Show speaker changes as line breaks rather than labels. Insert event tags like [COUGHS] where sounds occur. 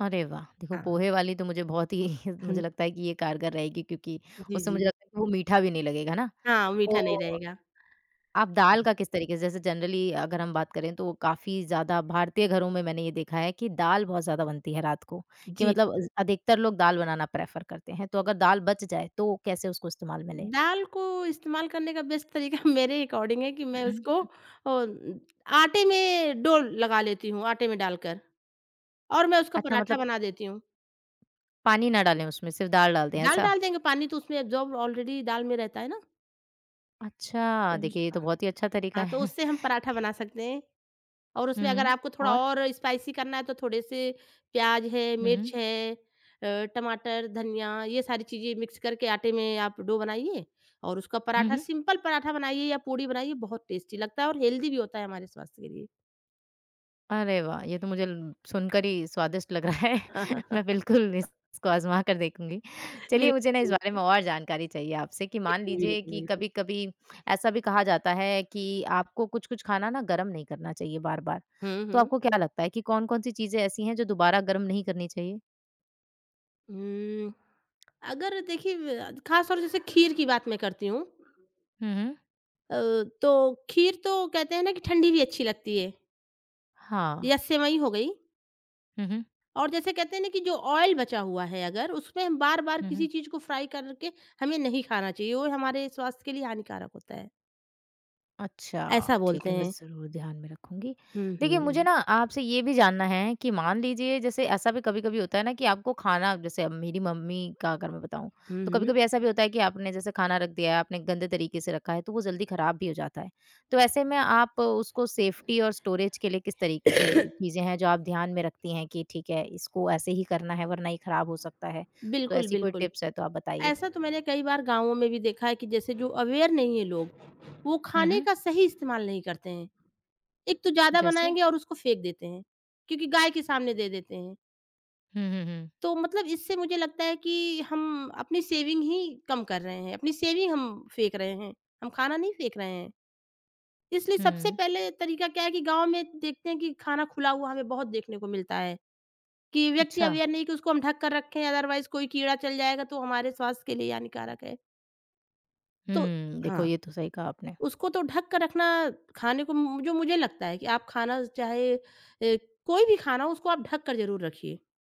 अरे वाह! देखो
हाँ।
पोहे वाली तो मुझे बहुत ही
हुँ।
मुझे लगता है कि ये कारगर रहेगी क्योंकि
जी,
उसमें मुझे
जी।
लगता है कि वो मीठा भी नहीं लगेगा है ना?
हाँ, मीठा नहीं
तो
रहेगा।
आप दाल का किस तरीके से, जैसे जनरली अगर हम बात करें, तो काफ़ी ज़्यादा भारतीय घरों में मैंने ये देखा है कि दाल बहुत ज़्यादा बनती है रात को। कि
जी।
मतलब अ, ज अधिकतर लोग दाल बनाना प्रेफर करते हैं। तो अगर दाल बच जाए, तो कैसे उसको इस्तेमाल में लें?
दाल को इस्तेमाल करने का बेस्ट तरीका [CHUCKLES] मेरे अकॉर्डिंग है कि
उ,
मैं
हुँ,
उसको अ,
हुँ।
उम, आटे में डो लगा लेती हूँ, आटे में डालकर और मैं उसका
अच्छा
पराठा
मतलब
बना देती हूँ।
पानी ना डालें उसमें, सिर्फ़ दाल डाल दें
दाल
ऐसा?
डाल देंगे पानी तो उसमें एब्ज़ॉर्ब ऑलरेडी दाल में रहता है ना। अ
अच्छा।
ज
देखिए, ये तो बहुत ही अच्छा तरीका
हाँ, तो
है।
उससे हम पराठा
[CHUCKLES]
बना सकते हैं और उसमें अगर
हुँ,
आपको थोड़ा
और?
और स्पाइसी करना है तो थोड़े से प्याज है,
हुँ, हुँ।
मिर्च है, अ, टमाटर, धनिया ये सारी चीजें मिक्स करके आटे में आप डो बनाइए और उसका
हुँ,
पराठा
हुँ।
सिम्पल पराठा बनाइए या पूड़ी बनाइए। बहुत टेस्टी लगता है और हेल्दी भी होता है हमारे स्वास्थ्य के लिए।
अरे वाह! ये तो मुझे सुनकर ही स्वादिष्ट लग रहा है। मैं बिल्कुल इस
[CHUCKLES]
इसको आजमा कर देखूँगी। चलिए मुझे ना इस बारे
बिल्कुल।
में और जानकारी चाहिए आपसे कि
[UNINTELLIGIBLE]
मान लीजिए
बिल्कुल,
कि
बिल्कुल।
कभी-कभी ऐसा भी कहा जाता है कि आपको कुछ-कुछ खाना ना गर्म नहीं करना चाहिए बार-बार।
हुँ,
तो
हुँ।
आपको क्या लगता है कि कौन-कौन सी चीजें ऐसी हैं जो दोबारा गर्म नहीं करनी चाहिए?
हुँ। अगर देखिए अ, ख़ास तौर से जैसे खीर की बात मैं करती हूँ।
हुँ, हुँ।
अ, तो खीर तो कहते हैं ना कि ठंडी भी अच्छी लगती है।
हाँ।
या सेवई हो गई।
हुँ, हुँ।
और जैसे कहते हैं ना कि जो ऑइल बचा हुआ है अगर उसमें बार-बार
हुँ,
किसी
हुँ।
चीज़ को फ्राइ करके हमें नहीं खाना चाहिए। वो हमारे स्वास्थ्य के लिए हानिकारक होता है।
अच्छा,
ऐसा
ठीक
बोलते
है, मैं
हैं।
ज़रूर ध्यान में रखूँगी।
हुँ,
देखिए मुझे
हुँ।
ना आपसे ये भी जानना है कि मान लीजिए जैसे ऐसा भी कभी-कभी होता है ना कि आपको खाना, अब जैसे मेरी मम्मी का अगर मैं बताऊँ,
हुँ,
तो
हुँ।
कभी-कभी ऐसा भी होता है कि आपने जैसे खाना रख दिया है, आपने गंदे तरीके से रखा है, तो वो जल्दी ख़राब भी हो जाता है। तो ऐसे में आप उसको सेफ़्टी और स्टोरेज के लिए किस तरीके के
[COUGHS]
चीजें हैं, जो आप ध्यान में रखती हैं कि ठीक है इसको ऐसे ही करना है, वरना ये खराब हो सकता है। तो
बिल्कुल,
ऐसी कोई
बिल्कुल।
टिप्स है तो आप बताइए?
ऐसा तो मैंने कई बार गाँवों में भी देखा है कि जैसे जो अवेयर नहीं हैं लोग वो
हुँ,
खाने
हुँ।
का सही इस्तेमाल नहीं करते हैं। एक तो ज़्यादा
जैसे?
बनाएँगे और उसको फेंक देते हैं क्योंकि गाय के सामने दे देते हैं।
हुँ, हुँ, हुँ।
तो मतलब, इससे मुझे लगता है कि हम अपनी सेविंग ही कम कर रहे हैं। अपनी सेविंग हम फेंक रहे हैं। हम खाना नहीं फेंक रहे हैं। इसलिए सबसे
हुँ।
पहले तरीका क्या है कि गाँव में देखते हैं कि खाना खुला हुआ हमें बहुत देखने को मिलता है कि व्यक्ति
अच्छा।
अवेयर नहीं कि उसको हम ढँक कर रखें। अदरवाइज़ कोई कीड़ा चल जाएगा तो हमारे स्वास्थ्य के लिए हानिकारक है। तो
हुँ, देखो
हाँ।
ये तो सही कहा आपने।
उसको तो ढक कर रखना खाने को म जो मुझे लगता है कि आप खाना चाहे ए कोई भी खाना हो उसको आप ढक कर ज़रूर रखिए।